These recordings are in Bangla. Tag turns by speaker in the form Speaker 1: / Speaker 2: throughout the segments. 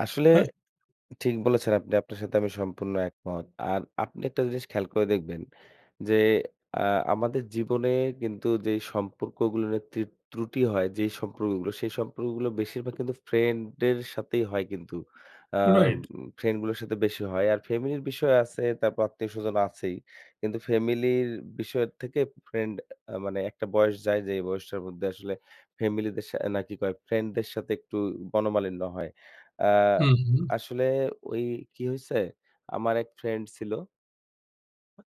Speaker 1: আসলে
Speaker 2: হ্যাঁ।
Speaker 1: ঠিক বলেছেন আপনি। আপনার সাথে আমি সম্পূর্ণ একমত। আর আপনি একটা জিনিস খেয়াল করে দেখবেন যে, আ আমাদের জীবনে কিন্তু যেই সম্পর্কগুলোর ত্রি ত্রুটি হয়, যেই সম্পর্কগুলো সেই সম্পর্কগুলো বেশিরভাগ কিন্তু friend এর সাথেই হয় কিন্তু। আ
Speaker 2: রাইট।
Speaker 1: friend গুলোর সাথে বেশি হয়। আর family র বিষয় আছে, তারপর আত্মীয়স্বজন আছেই। কিন্তু family র বিষয় থেকে friend আ মানে একটা বয়স যায় যেই বয়সটার মধ্যে আসলে family দের সা অ্যা নাকি কয় friend দের সাথে একটু মনমালিন্য হয়। আ
Speaker 2: হু, হু।
Speaker 1: আসলে ওই কি হইছে, আমার এক friend ছিল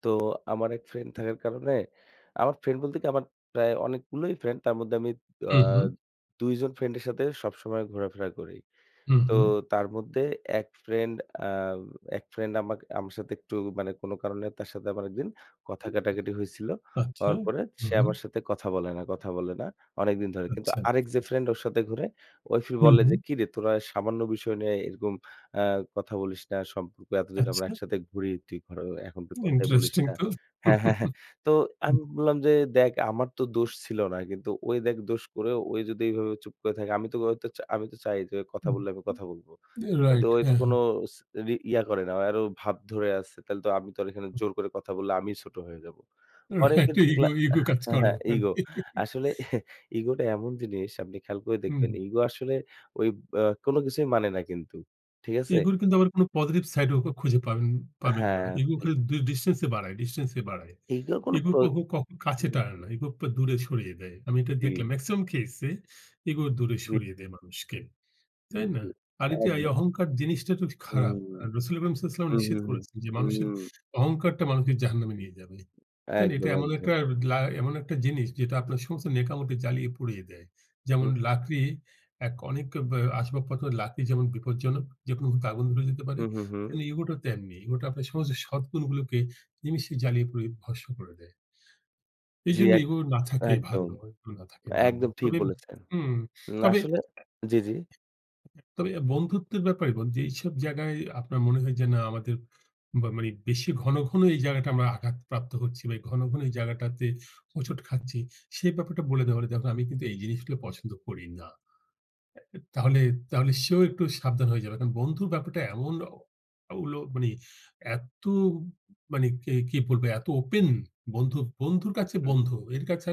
Speaker 1: তো আমার এক friend থাকার কারণে, আমার friend বলতে কি আমার প্রায় অনেকগুলোই friend। তার মধ্যে আমি আ
Speaker 2: হু, হু।
Speaker 1: ২ জন friend-এর সাথে সবসময় ঘোরাফেরা করি।
Speaker 2: হুম,
Speaker 1: তো
Speaker 2: হুম।
Speaker 1: তার মধ্যে এক friend আ এক friend আমাক আমার সাথে একটু মানে কোনো কারণে তার সাথে আমার ১ দিন কথা
Speaker 2: [unintelligible]
Speaker 1: কাটাকাটি হইছিল।
Speaker 2: আচ্ছা।
Speaker 1: হওয়ার পরে
Speaker 2: হুম,
Speaker 1: সে
Speaker 2: হুম।
Speaker 1: আমার সাথে কথা বলে না, কথা বলে না অনেকদিন ধরে। কিন্তু
Speaker 2: আচ্ছা।
Speaker 1: আরেক যে friend ওর সাথে ঘোরে, ওই ফির
Speaker 2: হুম,
Speaker 1: বলে যে,
Speaker 2: হুম।
Speaker 1: "কিরে তোরা সামান্য বিষয় নিয়ে এরকম আ কথা বলিস না। সম্পর্ক এতদিন আমরা
Speaker 2: আচ্ছা।
Speaker 1: একসাথে ঘুরি, তুই [unintelligible] এখন তো কথাই বলিস
Speaker 2: Interesting
Speaker 1: না।"
Speaker 2: তো।
Speaker 1: হ্যাঁ, হ্যাঁ, হ্যাঁ। তো
Speaker 2: হুম।
Speaker 1: আমি বললাম যে, "দেখ আমার তো দোষ ছিল না। কিন্তু ওই দেখ দোষ করেও ওই যদি এইভাবে চুপ করে থাকে, আমি তো, ওই তো, চা আমি তো চাই যে কথা
Speaker 2: হুম।
Speaker 1: বললে আমি কথা বলব। কিন্তু
Speaker 2: Right,
Speaker 1: ওই তো
Speaker 2: হ্যাঁ, হ্যাঁ।
Speaker 1: কোনো ইচ রি ইয়া করে না, আর ও ভাব ধরে আছে। তাহলে তো আমি তো আর এখানে জোর করে কথা বললে আমিই ছোট হয়ে যাব।"
Speaker 2: Right,
Speaker 1: অনেকদিন
Speaker 2: একটা
Speaker 1: দেখলা
Speaker 2: ego ego
Speaker 1: আ
Speaker 2: কাজ
Speaker 1: হ্যাঁ,
Speaker 2: করে
Speaker 1: হ্যাঁ,
Speaker 2: ওখানে
Speaker 1: ইগো। আসলে ইগোটা এমন জিনিস আপনি খেয়াল করে দেখবেন
Speaker 2: হুম।
Speaker 1: ইগো আসলে ওই ব্যা কোনো কিছুই মানে না কিন্তু। ঠিক আছে?
Speaker 2: ego র কিন্তু আবার কোনো positive side ও খুঁজে পাবেন পাবেন না।
Speaker 1: হ্যাঁ।
Speaker 2: Ego
Speaker 1: [unintelligible]
Speaker 2: খালি ডি distance এ বাড়ায় distance এ বাড়ায়,
Speaker 1: ইগো কোনো
Speaker 2: Ego
Speaker 1: প্র
Speaker 2: কখো কখো
Speaker 1: উ,
Speaker 2: কাছে টানে না। Ego
Speaker 1: হু।
Speaker 2: আপনার দূরে সরিয়ে দেয়, আমি এটা
Speaker 1: জি।
Speaker 2: দেখলাম। maximum case এ ego দূরে
Speaker 1: জি।
Speaker 2: সরিয়ে দেয় মানুষকে। তাই না?
Speaker 1: জি।
Speaker 2: আর ইতে এই
Speaker 1: একদম।
Speaker 2: অহংকার জিনিসটা তো খুব
Speaker 1: হুম।
Speaker 2: খারাপ। আর রাসূলে কারীম সাল্লাল্লাহু আলাইহি ওয়াসাল্লাম
Speaker 1: হুম,
Speaker 2: নিষেধ
Speaker 1: হুম, হুম।
Speaker 2: করেছেন যে, মানুষের
Speaker 1: হুম।
Speaker 2: অহংকারটা মানুষকে জাহান্নামে নিয়ে যাবে। তাই না? এটা
Speaker 1: একদম,
Speaker 2: এমন
Speaker 1: একদম।
Speaker 2: একটার লা এমন একটা জিনিস যেটা আপনার সমস্ত নেক আমলকে জ্বালিয়ে পুড়িয়ে দেয়। যেমন
Speaker 1: [unintelligible]
Speaker 2: লাকড়ি এক, অনেক ব্যা আসবাবপত্রের লাকড়ি যেমন বিপদজনক, যেকোনো মূহুর্তে আগুন ধরে যেতে পারে,
Speaker 1: হুম, হুম, হুম।
Speaker 2: তেমনি ego টাও তেমনি। ego টা আপনার সমস্ত সৎ গুন গুলোকে নিমেষে জ্বালিয়ে পুড়িয়ে ভস্ম করে দেয়।
Speaker 1: জি,
Speaker 2: এইজন্য
Speaker 1: এক
Speaker 2: ego না থাকাই
Speaker 1: একদম।
Speaker 2: ভালো ego না থাকাই ভালো,
Speaker 1: একদম ঠিক
Speaker 2: তবে,
Speaker 1: বলেছেন।
Speaker 2: উম
Speaker 1: না
Speaker 2: তবে
Speaker 1: আসলে, জি, জি।
Speaker 2: [unintelligible] তবে আর বন্ধুত্বের ব্যাপারে মানে, যেইসব জায়গায় আপনার মনে হয় যে না আমাদের বা মানে বেশি ঘন, ঘন, এই জায়গাটা আমরা আঘাতপ্রাপ্ত হচ্ছি বা এই ঘন, ঘন, এই জায়গাটাতে হোঁচট খাচ্ছি, সেই ব্যাপারটা বলে দেওয়ার ই দেখো আমি কিন্তু এই জিনিসগুলো পছন্দ করি না। তাহলে তাহলে, সেও একটু সাবধান হয়ে যাবে। কারণ বন্ধুর ব্যাপারটা এমন ও উলো মানে এত মানে কে, কি বলবে? এত open বন্ধু, বন্ধুর কাছে
Speaker 1: হু, হুম।
Speaker 2: বন্ধু এর কাছে